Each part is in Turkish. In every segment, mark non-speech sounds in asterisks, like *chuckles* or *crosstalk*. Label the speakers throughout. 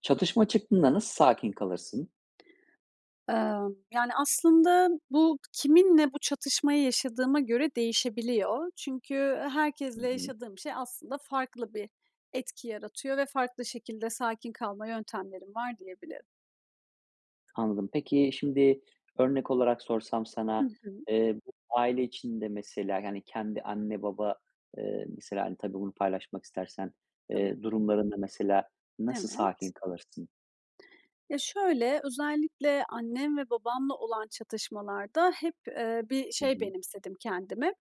Speaker 1: Çatışma çıktığında nasıl sakin kalırsın?
Speaker 2: Imm, yani, aslında bu kiminle bu çatışmayı yaşadığıma göre değişebiliyor. Çünkü
Speaker 1: Hı
Speaker 2: herkesle
Speaker 1: hı.
Speaker 2: yaşadığım şey aslında farklı bir etki yaratıyor ve farklı şekilde sakin kalma yöntemlerim var diyebilirim.
Speaker 1: Anladım. Peki şimdi örnek olarak sorsam
Speaker 2: Hı
Speaker 1: sana,
Speaker 2: hı.
Speaker 1: eee, aile içinde mesela, yani, kendi anne, baba, ııı, mesela, hani, tabii bunu paylaşmak istersen,
Speaker 2: Tabii.
Speaker 1: eee, durumlarında mesela nasıl sakin
Speaker 2: Evet.
Speaker 1: kalırsın?
Speaker 2: Ya, şöyle, özellikle annem ve babamla olan çatışmalarda hep, ııı, bir
Speaker 1: Hı
Speaker 2: şey
Speaker 1: hı.
Speaker 2: benimsedim kendime.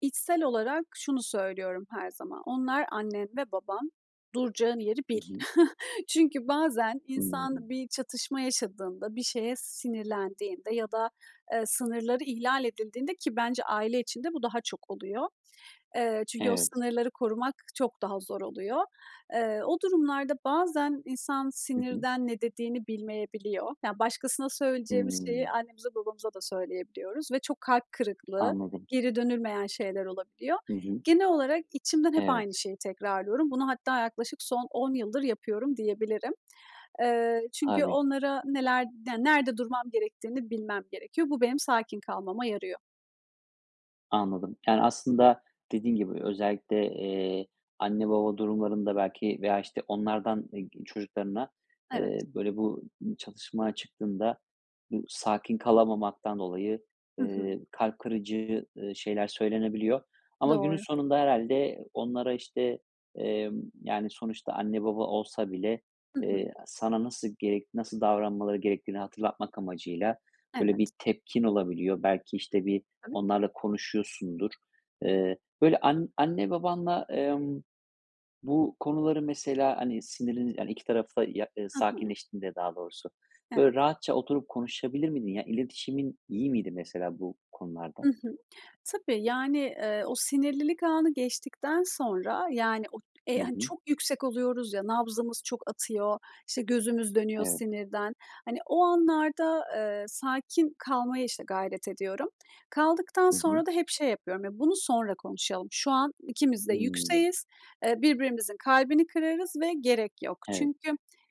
Speaker 2: İçsel olarak şunu söylüyorum her zaman: "Onlar annen ve baban, duracağın yeri
Speaker 1: Hı
Speaker 2: bil."
Speaker 1: hı.
Speaker 2: *chuckles* Çünkü bazen insan
Speaker 1: Hıı.
Speaker 2: bir çatışma yaşadığında, bir şeye sinirlendiğinde ya da, ııı, sınırları ihlal edildiğinde ki bence aile içinde bu daha çok oluyor. Eee, çünkü o
Speaker 1: Evet.
Speaker 2: sınırları korumak çok daha zor oluyor. Iıı, o durumlarda bazen insan
Speaker 1: Hı hı.
Speaker 2: sinirden ne dediğini bilmeyebiliyor. Yani, başkasına söyleyeceğimiz şeyi
Speaker 1: Hımm.
Speaker 2: annemize babamıza da söyleyebiliyoruz ve çok kalp kırıklığı,
Speaker 1: Anladım.
Speaker 2: geri dönülmeyen şeyler olabiliyor.
Speaker 1: Hı hı.
Speaker 2: Genel olarak içimden hep aynı
Speaker 1: Evet.
Speaker 2: şeyi tekrarlıyorum. Bunu hatta yaklaşık son 10 yıldır yapıyorum diyebilirim. Iıı, çünkü
Speaker 1: Tabii.
Speaker 2: onlara neler den nerede durmam gerektiğini bilmem gerekiyor. Bu benim sakin kalmama yarıyor.
Speaker 1: Anladım. Yani, aslında dediğin gibi özellikle, eee, anne baba durumlarında belki veya, işte, onlardan, eee, çocuklarına,
Speaker 2: Evet.
Speaker 1: eee, böyle, bu çatışma çıktığında bu sakin kalamamaktan dolayı,
Speaker 2: Hı hı.
Speaker 1: eee, kalp kırıcı, ııı, şeyler söylenebiliyor. Ama günün
Speaker 2: Doğru.
Speaker 1: sonunda herhâlde onlara, işte, emm, yani, sonuçta anne baba olsa bile,
Speaker 2: Hı hı.
Speaker 1: eee, sana nasıl gerek nasıl davranmaları gerektiğini hatırlatmak amacıyla, böyle,
Speaker 2: Evet.
Speaker 1: bir tepkin olabiliyor. Belki, işte, bir onlarla konuşuyorsundur. Eee, böyle, an anne babanla, emm, bu konuları mesela, hani, siniriniz yani, iki tarafta ya eee,
Speaker 2: Hı hı.
Speaker 1: sakinleştiğinde daha doğrusu,
Speaker 2: Evet.
Speaker 1: böyle, rahatça oturup, konuşabilir miydin? İletişimin iyi miydi mesela bu
Speaker 2: I
Speaker 1: konularda?
Speaker 2: hı, tabii, yani, eee, o sinirlilik anı geçtikten sonra, yani, o,
Speaker 1: Hı
Speaker 2: eee, hani,
Speaker 1: hı.
Speaker 2: çok yüksek oluyoruz ya, nabzımız çok atıyor, işte, gözümüz dönüyor
Speaker 1: Evet.
Speaker 2: sinirden. Hani, o anlarda, eee, sakin kalmaya, işte, gayret ediyorum. Kaldıktan
Speaker 1: Hı hı.
Speaker 2: sonra da hep şey yapıyorum, "Ya, bunu sonra konuşalım. Şu an ikimiz de
Speaker 1: Hıı.
Speaker 2: yükseğiz. Eee, birbirimizin kalbini kırarız ve gerek yok."
Speaker 1: Evet.
Speaker 2: Çünkü,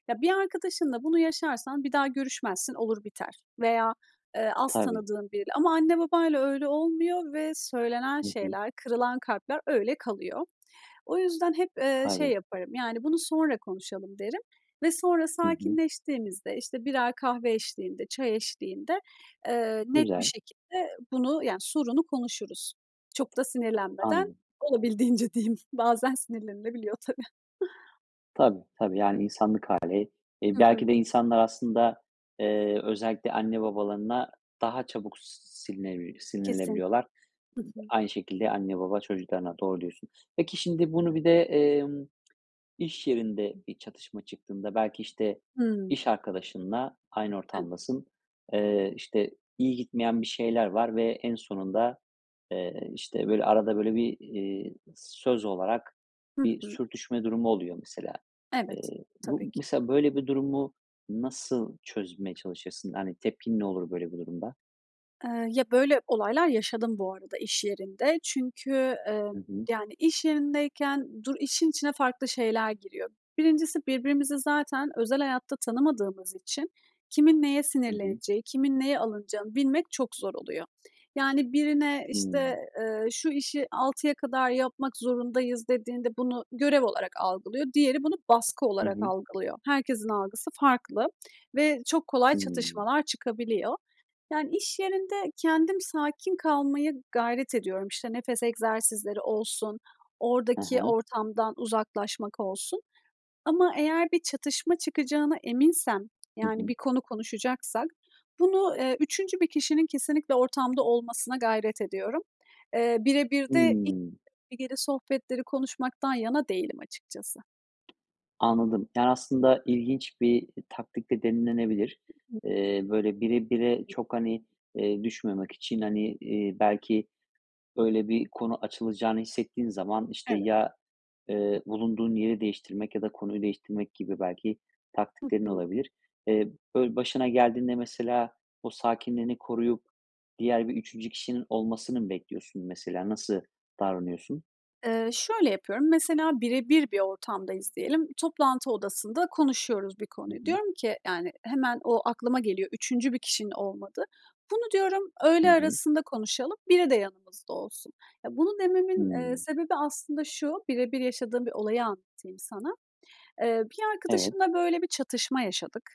Speaker 2: ya, bir arkadaşınla bunu yaşarsan bir daha görüşmezsin, olur biter veya, eee, az
Speaker 1: Tabii.
Speaker 2: tanıdığın biriyle. Ama anne babayla öyle olmuyor ve söylenen
Speaker 1: Hı hı.
Speaker 2: şeyler, kırılan kalpler öyle kalıyor. O yüzden hep, eee, şey
Speaker 1: Tabii.
Speaker 2: yaparım. Yani, bunu sonra konuşalım derim. Ve sonra
Speaker 1: Hı hı.
Speaker 2: sakinleştiğimizde, işte, birer kahve eşliğinde, çay eşliğinde, eee, net bir
Speaker 1: Güzel.
Speaker 2: şekilde bunu, yani, sorunu konuşuruz. Çok da sinirlenmeden.
Speaker 1: Anladım.
Speaker 2: Olabildiğince diyeyim, bazen sinirlenilebiliyor tabii. *chuckles*
Speaker 1: Tabii, tabii. Yani, insanlık hâli. İii,
Speaker 2: Hı
Speaker 1: belki
Speaker 2: hı.
Speaker 1: de insanlar aslında, eee, özellikle anne babalarına daha çabuk silinebilir
Speaker 2: Kesin
Speaker 1: sinirlenebiliyorlar.
Speaker 2: Hı hı.
Speaker 1: Aynı şekilde anne baba çocuklarına, doğru diyorsun. Peki, şimdi bunu bir de, emm, iş yerinde bir çatışma çıktığında belki, işte,
Speaker 2: Hıı.
Speaker 1: iş arkadaşınla aynı
Speaker 2: Evet.
Speaker 1: ortamdasın, eee, işte, iyi gitmeyen bir şeyler var ve en sonunda, eee, işte, böyle, arada böyle bir, eee, söz olarak
Speaker 2: Hı
Speaker 1: bir
Speaker 2: hı.
Speaker 1: sürtüşme durumu oluyor, mesela.
Speaker 2: Evet,
Speaker 1: Eee, bu
Speaker 2: tabii ki.
Speaker 1: mesela, böyle bir durumu nasıl çözmeye çalışırsın? Yani, tepkin ne olur böyle bir durumda?
Speaker 2: Eee, ya, böyle olaylar yaşadım bu arada, iş yerinde. Çünkü, eee,
Speaker 1: Hı hı.
Speaker 2: yani, iş yerindeyken dur işin içine farklı şeyler giriyor. 1'incisi, birbirimizi zaten özel hayatta tanımadığımız için kimin neye
Speaker 1: Hı hı.
Speaker 2: sinirleneceği, kimin neye alınacağını bilmek çok zor oluyor. Yani, birine,
Speaker 1: Hıı.
Speaker 2: işte, eee, "Şu işi 6'ya kadar yapmak zorundayız." dediğinde bunu görev olarak algılıyor, diğeri bunu baskı
Speaker 1: Hı
Speaker 2: olarak
Speaker 1: hı.
Speaker 2: algılıyor. Herkesin algısı farklı ve çok kolay
Speaker 1: Hıı.
Speaker 2: çatışmalar çıkabiliyor. Yani, iş yerinde kendim sakin kalmaya gayret ediyorum. İşte, nefes egzersizleri olsun,
Speaker 1: Hı
Speaker 2: oradaki
Speaker 1: hı.
Speaker 2: ortamdan uzaklaşmak olsun. Ama eğer bir çatışma çıkacağına eminsem,
Speaker 1: Hı
Speaker 2: yani,
Speaker 1: hı.
Speaker 2: bir konu konuşacaksak bunu, eee, 3'üncü bir kişinin kesinlikle ortamda olmasına gayret ediyorum. Eee, bire birde
Speaker 1: Hıı.
Speaker 2: *unintelligible* sohbetleri konuşmaktan yana değilim açıkçası.
Speaker 1: Anladım. Yani, aslında ilginç bir taktik de denilebilir.
Speaker 2: Hı hı.
Speaker 1: Eee, böyle, birebire çok, hani, eee, düşmemek için, hani, eee, belki öyle bir konu açılacağını hissettiğin zaman, işte,
Speaker 2: Evet.
Speaker 1: ya, eee, bulunduğun yeri değiştirmek ya da konuyu değiştirmek gibi belki
Speaker 2: Hı
Speaker 1: taktiklerin
Speaker 2: hı.
Speaker 1: olabilir. Eee, böyle, başına geldiğinde, mesela, o sakinliğini koruyup diğer bir 3. kişinin olmasını mı bekliyorsun, mesela? Nasıl davranıyorsun?
Speaker 2: Eee, şöyle yapıyorum. Mesela, birebir bir ortamdayız diyelim. Toplantı odasında konuşuyoruz bir
Speaker 1: Hı
Speaker 2: konuyu.
Speaker 1: hı.
Speaker 2: Diyorum ki, yani, hemen o aklıma geliyor, 3. bir kişinin olmadığı. Bunu diyorum,
Speaker 1: Hı
Speaker 2: öğle
Speaker 1: hı.
Speaker 2: arasında konuşalım, biri de yanımızda olsun. Ya, bunu dememin, eee,
Speaker 1: Hımm.
Speaker 2: sebebi aslında şu, birebir yaşadığım bir olayı anlatayım sana. Eee, bir
Speaker 1: Evet.
Speaker 2: arkadaşımla, böyle bir çatışma yaşadık.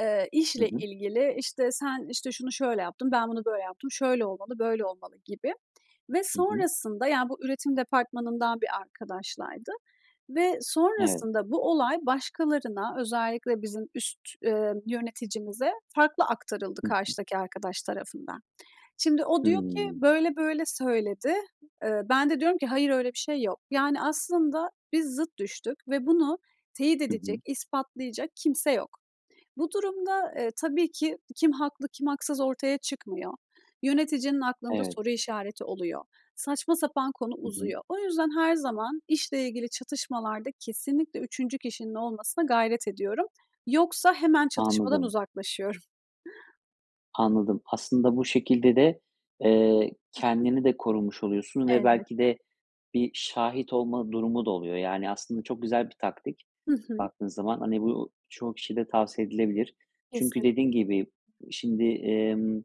Speaker 2: Eee,
Speaker 1: Hı
Speaker 2: işle
Speaker 1: hı.
Speaker 2: ilgili. İşte, sen, işte, şunu şöyle yaptın, ben bunu böyle yaptım, şöyle olmalı, böyle olmalı gibi ve
Speaker 1: Hı hı.
Speaker 2: sonrasında, yani, bu üretim departmanından bir arkadaşlaydı ve
Speaker 1: Evet.
Speaker 2: sonrasında bu olay başkalarına özellikle bizim üst, eee, yöneticimize farklı aktarıldı,
Speaker 1: Hı hı.
Speaker 2: karşıdaki arkadaş tarafından. Şimdi o diyor ki,
Speaker 1: Hımm.
Speaker 2: böyle böyle söyledi. Eee, ben de diyorum ki, hayır öyle bir şey yok. Yani, aslında biz zıt düştük ve bunu teyit
Speaker 1: Hı hı.
Speaker 2: edecek, ispatlayacak kimse yok. Bu durumda, eee, tabii ki kim haklı, kim haksız ortaya çıkmıyor. Yöneticinin aklında
Speaker 1: Evet.
Speaker 2: soru işareti oluyor. Saçma sapan konu
Speaker 1: Hı hı.
Speaker 2: uzuyor. O yüzden her zaman işle ilgili çatışmalarda kesinlikle 3. kişinin olmasına gayret ediyorum. Yoksa, hemen çatışmadan
Speaker 1: Anladım.
Speaker 2: uzaklaşıyorum. *chuckles*
Speaker 1: Anladım. Aslında bu şekilde de, eee,
Speaker 2: Hı hı.
Speaker 1: kendini de korumuş oluyorsun ve belki
Speaker 2: Elbette.
Speaker 1: de bir şahit olma durumu da oluyor. Yani, aslında çok güzel bir taktik
Speaker 2: Hı hı.
Speaker 1: baktığın zaman. Hani, bu çoğu kişiyede tavsiye edilebilir. Çünkü
Speaker 2: Kesin.
Speaker 1: dediğin gibi şimdi, emm,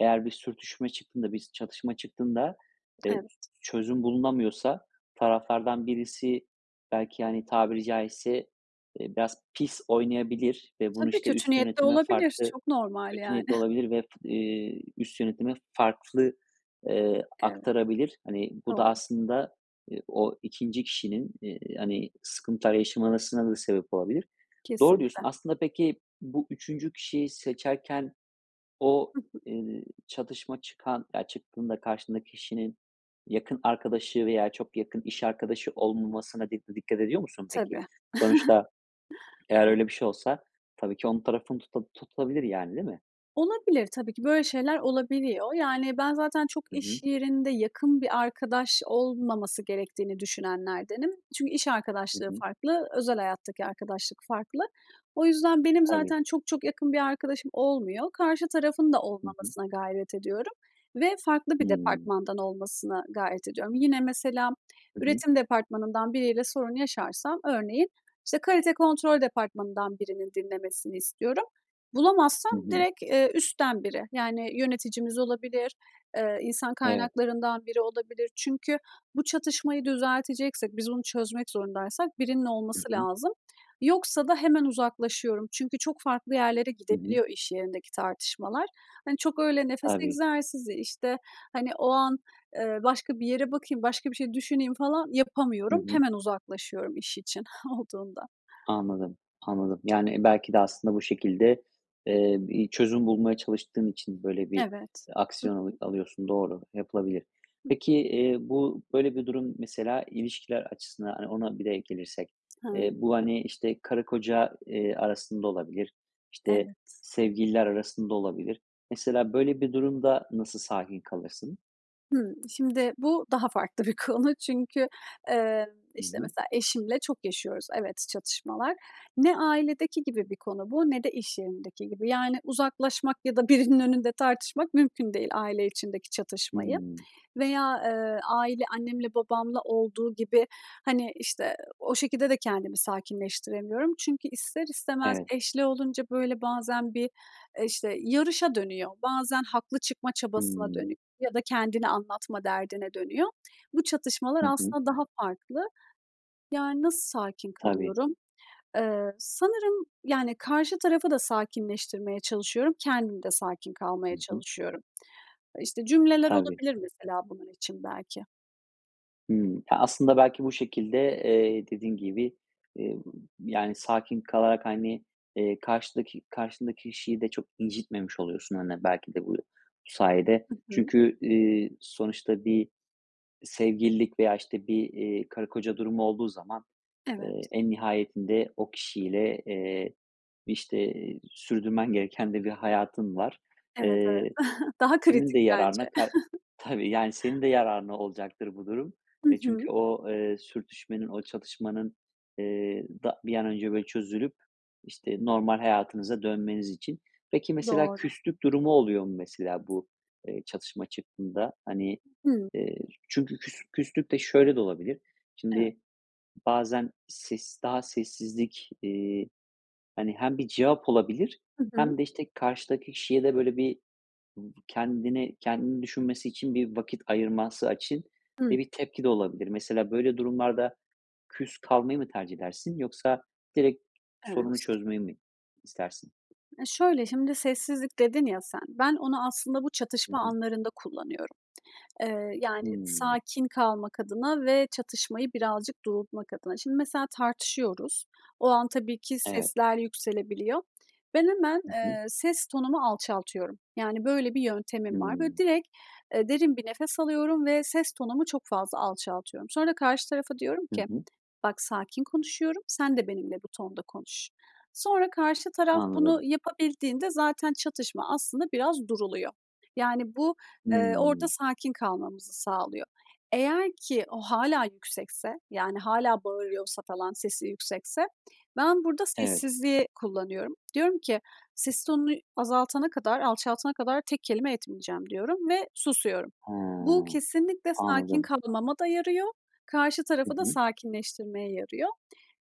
Speaker 1: eğer bir sürtüşme çıktığında, bir s çatışma çıktığında, eee,
Speaker 2: Evet.
Speaker 1: çözüm bulunamıyorsa taraflardan birisi belki, hani, tabiri caizse, eee, biraz pis oynayabilir ve bunu,
Speaker 2: Tabii,
Speaker 1: işte,
Speaker 2: kötü
Speaker 1: üst
Speaker 2: niyetli
Speaker 1: yönetime
Speaker 2: olabilir,
Speaker 1: farklı
Speaker 2: çok normal,
Speaker 1: kötü
Speaker 2: yani.
Speaker 1: niyetli
Speaker 2: *giggles*
Speaker 1: olabilir ve eee, üst yönetime farklı, eee,
Speaker 2: Evet,
Speaker 1: aktarabilir. Hani, bu da
Speaker 2: doğru.
Speaker 1: aslında, eee, o 2'nci kişinin, eee, hani, sıkıntılar yaşamasına da sebep olabilir. Doğru diyorsun.
Speaker 2: Kesinlikle.
Speaker 1: Aslında peki, bu 3'üncü kişiyi seçerken o,
Speaker 2: Hı hı.
Speaker 1: eee, çatışma çıkan ya, çıktığında karşındaki kişinin yakın arkadaşı veya çok yakın iş arkadaşı olmamasına di dikkat ediyor musun peki?
Speaker 2: Tabii. *giggles*
Speaker 1: Sonuçta *swallows* eğer öyle
Speaker 2: Evet.
Speaker 1: bir şey olsa tabii ki onun tarafını tuta tutulabilir, yani, değil mi?
Speaker 2: Olabilir, tabii ki, böyle şeyler olabiliyor. Yani, ben zaten çok
Speaker 1: Hı
Speaker 2: iş
Speaker 1: hı.
Speaker 2: yerinde yakın bir arkadaş olmaması gerektiğini düşünenlerdenim. Çünkü iş
Speaker 1: Hı
Speaker 2: arkadaşlığı
Speaker 1: hı.
Speaker 2: farklı, özel hayattaki arkadaşlık farklı. O yüzden benim
Speaker 1: Tabii.
Speaker 2: zaten çok çok yakın bir arkadaşım olmuyor. Karşı tarafın da
Speaker 1: Hı hı.
Speaker 2: olmamasına gayret ediyorum ve farklı bir
Speaker 1: Hıı.
Speaker 2: departmandan olmasına gayret ediyorum. Yine, mesela,
Speaker 1: Hı hı.
Speaker 2: üretim departmanından biriyle sorun yaşarsam örneğin, işte, kalite kontrol departmanından birinin dinlemesini istiyorum. Bulamazsam,
Speaker 1: Hı hı.
Speaker 2: direkt, eee, üstten biri, yani, yöneticimiz olabilir, eee, insan
Speaker 1: Evet.
Speaker 2: kaynaklarından biri olabilir. Çünkü bu çatışmayı düzelteceksek, biz onu çözmek zorundaysak birinin
Speaker 1: Hı
Speaker 2: olması
Speaker 1: hı.
Speaker 2: lazım. Yoksa da hemen uzaklaşıyorum. Çünkü çok farklı yerlere
Speaker 1: Hı hı.
Speaker 2: gidebiliyor iş yerindeki tartışmalar. Hani, çok öyle nefes
Speaker 1: Tabii.
Speaker 2: egzersizi, işte, hani, o an, eee, başka bir yere bakayım, başka bir şey düşüneyim, falan
Speaker 1: Hı
Speaker 2: yapamıyorum
Speaker 1: hı.
Speaker 2: hemen uzaklaşıyorum iş için olduğunda.
Speaker 1: Anladım, anladım. Yani, belki de aslında bu şekilde, eee, bir çözüm bulmaya çalıştığın için böyle bir,
Speaker 2: Evet.
Speaker 1: eee,
Speaker 2: Hı
Speaker 1: aksiyon alı
Speaker 2: hı.
Speaker 1: alıyorsun. Doğru, yapılabilir.
Speaker 2: Hı hı.
Speaker 1: Peki, eee, bu, böyle bir durum mesela ilişkiler açısından, hani, ona bir de gelirsek, eee,
Speaker 2: Hıı.
Speaker 1: bu, hani, işte, karı koca, eee, arasında olabilir, işte,
Speaker 2: Evet.
Speaker 1: sevgililer arasında olabilir. Mesela, böyle bir durumda nasıl sakin kalırsın?
Speaker 2: Hıı. Şimdi bu daha farklı bir konu. Çünkü, eee,
Speaker 1: Hı
Speaker 2: işte,
Speaker 1: hı.
Speaker 2: mesela eşimle çok yaşıyoruz, evet, çatışmalar. Ne ailedeki gibi bir konu bu ne de iş yerindeki gibi. Yani, uzaklaşmak ya da birinin önünde tartışmak mümkün değil aile içindeki çatışmayı
Speaker 1: Hıı.
Speaker 2: veya, eee, aile annemle babamla olduğu gibi, hani, işte, o şekilde de kendimi sakinleştiremiyorum. Çünkü ister istemez
Speaker 1: Evet.
Speaker 2: eşli olunca, böyle, bazen bir, eee, işte, yarışa dönüyor. Bazen haklı çıkma çabasına
Speaker 1: Hıı.
Speaker 2: dönüyor ya da kendini anlatma derdine dönüyor. Bu, çatışmalar
Speaker 1: Hı hı.
Speaker 2: aslında daha farklı. Yani, nasıl sakin
Speaker 1: Tabii.
Speaker 2: kalıyorum? Eee, sanırım, yani, karşı tarafı da sakinleştirmeye çalışıyorum, kendim de sakin
Speaker 1: Hı
Speaker 2: kalmaya
Speaker 1: hı.
Speaker 2: çalışıyorum. İşte, cümleler
Speaker 1: Tabii.
Speaker 2: olabilir, mesela, bunun için belki.
Speaker 1: Hıı, ya, aslında belki bu şekilde, eee, dediğin gibi, eee, yani, sakin kalarak, hani, eee, karşıdaki karşındaki kişiyi de çok incitmemiş oluyorsun, hani, belki de bu sayede.
Speaker 2: Hı hı.
Speaker 1: Çünkü, iii, sonuçta bir sevgililik veya, işte, bir, eee, karı koca durumu olduğu zaman, eee,
Speaker 2: Evet.
Speaker 1: en nihayetinde o kişiyle, eee, işte, eee, sürdürmen gereken de bir hayatın var.
Speaker 2: Evet, evet.
Speaker 1: Eee,
Speaker 2: *chuckles* Daha
Speaker 1: senin
Speaker 2: kritik
Speaker 1: de
Speaker 2: bence.
Speaker 1: yararına ka
Speaker 2: *chuckles*
Speaker 1: Tabii, yani, senin de yararına olacaktır bu durum.
Speaker 2: Hı
Speaker 1: E,
Speaker 2: hı.
Speaker 1: çünkü o, eee, sürtüşmenin, o çatışmanın, eee, da bir an önce böyle çözülüp, işte, normal hayatınıza dönmeniz için Peki, mesela
Speaker 2: Doğru.
Speaker 1: küslük durumu oluyor mu mesela bu, eee, çatışma çıktığında? Hani,
Speaker 2: Hıı.
Speaker 1: eee, çünkü küs küslük de şöyle de olabilir,
Speaker 2: Evet.
Speaker 1: şimdi, bazen ses daha sessizlik, eee, hani, hem bir cevap olabilir
Speaker 2: Hı hı.
Speaker 1: hem de, işte, karşıdaki kişiye de böyle bir kendini kendini düşünmesi için bir vakit ayırması için
Speaker 2: Hımm.
Speaker 1: de bir tepki de olabilir. Mesela böyle durumlarda küs kalmayı mı tercih edersin yoksa direkt sorunu
Speaker 2: Evet.
Speaker 1: çözmeyi mi istersin?
Speaker 2: E, şöyle, şimdi, "sessizlik" dedin ya sen. Ben onu aslında bu
Speaker 1: Hı
Speaker 2: çatışma
Speaker 1: hı.
Speaker 2: anlarında kullanıyorum. Eee, yani,
Speaker 1: Hıı.
Speaker 2: sakin kalmak adına ve çatışmayı birazcık durultmak adına. Şimdi, mesela tartışıyoruz. O an tabii ki
Speaker 1: Eve
Speaker 2: sesler yükselebiliyor. Ben, hemen,
Speaker 1: Hı hı.
Speaker 2: eee, ses tonumu alçaltıyorum. Yani, böyle bir yöntemim var. Böyle,
Speaker 1: Hıı.
Speaker 2: direkt, eee, derin bir nefes alıyorum ve ses tonumu çok fazla alçaltıyorum. Sonra karşı tarafa diyorum
Speaker 1: Hı
Speaker 2: ki:
Speaker 1: hı.
Speaker 2: "Bak, sakin konuşuyorum, sen de benimle bu tonda konuş." Sonra karşı taraf bunu
Speaker 1: Anladım.
Speaker 2: yapabildiğinde zaten çatışma aslında biraz duruluyor. Yani bu, eee, orada
Speaker 1: Hıı.
Speaker 2: sakin kalmamızı sağlıyor. Eğer ki o hâlâ yüksekse, yani, hâlâ bağırıyorsa falan sesi yüksekse ben burada
Speaker 1: Evet.
Speaker 2: sessizliği kullanıyorum. Diyorum ki: "Ses tonunu ü azaltana kadar, alçaltana kadar tek kelime etmeyeceğim." diyorum ve susuyorum. Bu
Speaker 1: Ha,
Speaker 2: kesinlikle sakin
Speaker 1: anladım.
Speaker 2: kalmama da yarıyor, karşı
Speaker 1: Hı
Speaker 2: tarafı da
Speaker 1: hı.
Speaker 2: sakinleştirmeye yarıyor.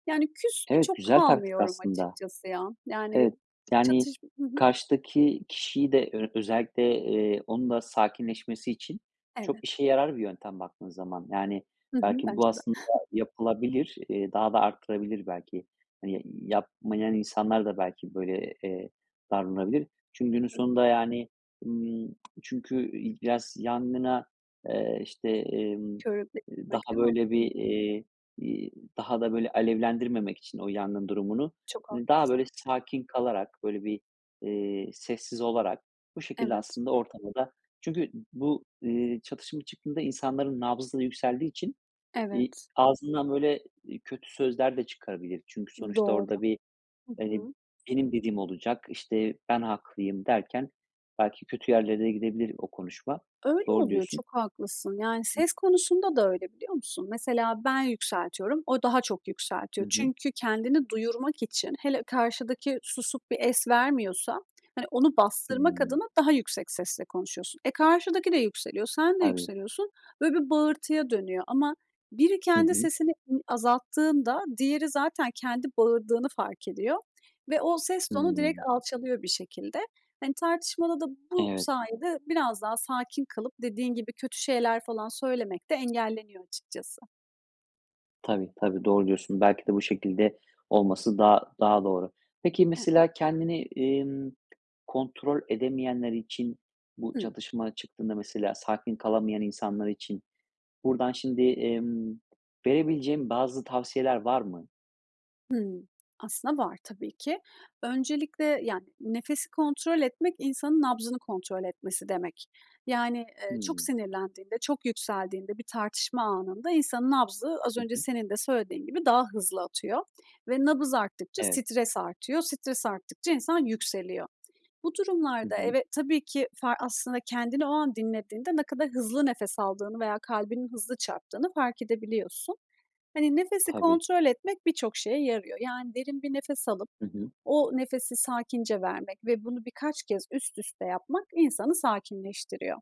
Speaker 2: Yani, küs de
Speaker 1: Evet,
Speaker 2: çok
Speaker 1: güzel taktik
Speaker 2: kalmıyorum
Speaker 1: aslında.
Speaker 2: açıkçası ya. Yani
Speaker 1: Evet. Yani,
Speaker 2: çatışm Hı hı.
Speaker 1: karşıdaki kişiyi de ö özellikle, eee, onun da sakinleşmesi için çok
Speaker 2: Evet.
Speaker 1: işe yarar bir yöntem baktığın zaman. Yani,
Speaker 2: Hı hı,
Speaker 1: belki bu
Speaker 2: bence de.
Speaker 1: aslında
Speaker 2: *chuckles*
Speaker 1: yapılabilir. Eee, daha da arttırabilir belki. Hani, y yapmayan insanlar da belki böyle, eee, davranabilir. Çünkü
Speaker 2: Hı
Speaker 1: günün
Speaker 2: hı.
Speaker 1: sonunda yani, ımm, çünkü, iii, biraz yangına, eee, işte, emm,
Speaker 2: Körükle
Speaker 1: eee,
Speaker 2: gitmek,
Speaker 1: daha,
Speaker 2: değil
Speaker 1: böyle,
Speaker 2: mi?
Speaker 1: bir, eee, iii, daha da, böyle, alevlendirmemek için o yangın durumunu,
Speaker 2: Çok
Speaker 1: hani, daha böyle
Speaker 2: haklısın.
Speaker 1: sakin kalarak, böyle bir, eee, sessiz olarak bu şekilde
Speaker 2: Evet.
Speaker 1: aslında ortamı da Çünkü bu, eee, çatışma çıktığında insanların nabzı da yükseldiği için, iii,
Speaker 2: Evet.
Speaker 1: ağzından, böyle, eee, kötü sözler de çıkabilir. Çünkü sonuçta
Speaker 2: Doğru.
Speaker 1: orada bir,
Speaker 2: Hı
Speaker 1: hani,
Speaker 2: hı.
Speaker 1: "Benim dediğim olacak." işte, "Ben haklıyım." derken belki kötü yerlere de gidebilir o konuşma.
Speaker 2: Öyle
Speaker 1: Doğru
Speaker 2: oluyor,
Speaker 1: diyorsun.
Speaker 2: çok haklısın. Yani,
Speaker 1: Hı hı.
Speaker 2: ses konusunda da öyle, biliyor musun? Mesela ben yükseltiyorum. O daha çok
Speaker 1: Hı
Speaker 2: yükseltiyor
Speaker 1: hı.
Speaker 2: çünkü kendini duyurmak için hele karşıdaki susup bir es vermiyorsa, hani, onu bastırmak
Speaker 1: Hıı.
Speaker 2: adına daha yüksek sesle konuşuyorsun. E, karşıdaki de yükseliyor, sen de
Speaker 1: Tabii.
Speaker 2: yükseliyorsun. Böyle bir bağırtıya dönüyor. Ama biri
Speaker 1: Hı
Speaker 2: kendi
Speaker 1: hı.
Speaker 2: sesini i azalttığında diğeri zaten kendi bağırdığını fark ediyor ve o ses tonu direkt
Speaker 1: Hıı.
Speaker 2: alçalıyor bir şekilde. Hani, tartışmada da bu
Speaker 1: Evet.
Speaker 2: sayede biraz daha sakin kalıp dediğin gibi kötü şeyler falan söylemek de engelleniyor açıkçası.
Speaker 1: Tabii, tabii, doğru diyorsun. Belki de bu şekilde olması daha daha doğru. Peki
Speaker 2: Evet.
Speaker 1: mesela kendini, emm, kontrol edemeyenler için, bu
Speaker 2: Hıı.
Speaker 1: çatışma çıktığında mesela sakin kalamayan insanlar için buradan şimdi, emm, verebileceğin bazı tavsiyeler var mı?
Speaker 2: Hıı, aslında var tabii ki. Öncelikle, yani, nefesi kontrol etmek insanın nabzını kontrol etmesi demek. Yani, ııı, çok
Speaker 1: Hıı.
Speaker 2: sinirlendiğinde, çok yükseldiğinde, bir tartışma anında insanın nabzı, az
Speaker 1: Hı
Speaker 2: önce
Speaker 1: hı.
Speaker 2: senin de söylediğin gibi daha hızlı atıyor. Ve nabız arttıkça
Speaker 1: Evet.
Speaker 2: stres artıyor, stres arttıkça insan yükseliyor. Bu
Speaker 1: Hı
Speaker 2: durumlarda
Speaker 1: hı.
Speaker 2: eve tabii ki far aslında kendini o an dinlediğinde ne kadar hızlı nefes aldığını veya kalbinin hızlı çarptığını fark edebiliyorsun. Hani, nefesi
Speaker 1: Tabii.
Speaker 2: kontrol etmek birçok şeye yarıyor. Yani, derin bir nefes alıp
Speaker 1: Hı hı.
Speaker 2: o nefesi sakince vermek ve bunu birkaç kez üst üste yapmak insanı sakinleştiriyor.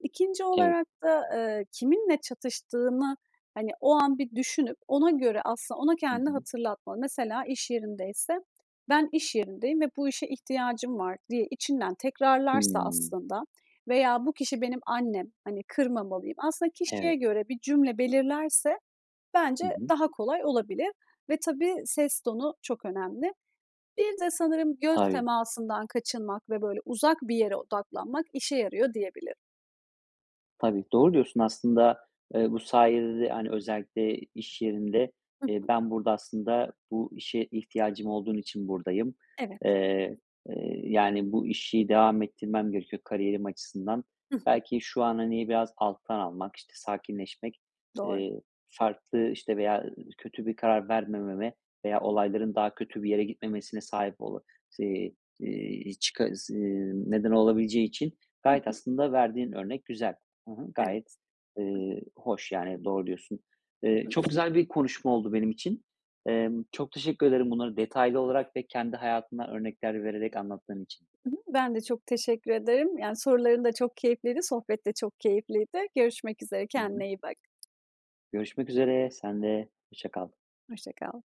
Speaker 2: 2'nci
Speaker 1: Evet.
Speaker 2: olarak da, ııı, kiminle çatıştığını, hani, o an bir düşünüp ona göre aslında ona
Speaker 1: Hı
Speaker 2: kendini
Speaker 1: hı.
Speaker 2: hatırlatma. Mesela iş yerindeyse, "Ben, iş yerindeyim ve bu işe ihtiyacım var" diye içinden tekrarlarsa
Speaker 1: Hıı.
Speaker 2: aslında veya, "Bu kişi benim annem, hani, kırmamalıyım" aslında kişiye
Speaker 1: Evet.
Speaker 2: göre bir cümle belirlerse
Speaker 1: Hı
Speaker 2: bence
Speaker 1: hı.
Speaker 2: daha kolay olabilir ve tabii ses tonu çok önemli. Bir de sanırım göz
Speaker 1: Tabii.
Speaker 2: temasından kaçınmak ve böyle uzak bir yere odaklanmak işe yarıyor diyebilirim.
Speaker 1: Tabii, doğru diyorsun aslında, ııı, bu sayede de, hani, özellikle iş yerinde,
Speaker 2: Hı
Speaker 1: iii,
Speaker 2: hı.
Speaker 1: "Ben, burada aslında, bu işe ihtiyacım olduğun için buradayım."
Speaker 2: Evet, hı
Speaker 1: Eee,
Speaker 2: hı.
Speaker 1: eee, yani, "Bu işi devam ettirmem gerekiyor kariyerim açısından.
Speaker 2: Hı hı.
Speaker 1: Belki şu an, hani, biraz alttan almak, işte, sakinleşmek,
Speaker 2: Doğru.
Speaker 1: eee, farklı, işte, veya, ııı, kötü bir karar vermememe veya olayların daha kötü bir yere gitmemesine sahip olu" sii iii, çıka zı eee, neden olabileceği için
Speaker 2: Hı
Speaker 1: gayet
Speaker 2: hı.
Speaker 1: aslında verdiğin örnek güzel. Hı hı, gayet,
Speaker 2: Evet, hı
Speaker 1: ııı, hoş, yani, doğru diyorsun. Iıı,
Speaker 2: Hı hı.
Speaker 1: çok güzel bir konuşma oldu benim için. Emm, çok teşekkür ederim bunları detaylı olarak ve kendi hayatından örnekler vererek anlattığın için.
Speaker 2: I hı, ben de çok teşekkür ederim. Yani, soruların da çok keyifliydi, sohbet de çok keyifliydi. Görüşmek üzere,
Speaker 1: Hı hı.
Speaker 2: kendine iyi bak.
Speaker 1: Görüşmek üzere, sen de. Hoşça kal.
Speaker 2: Hoşça kal.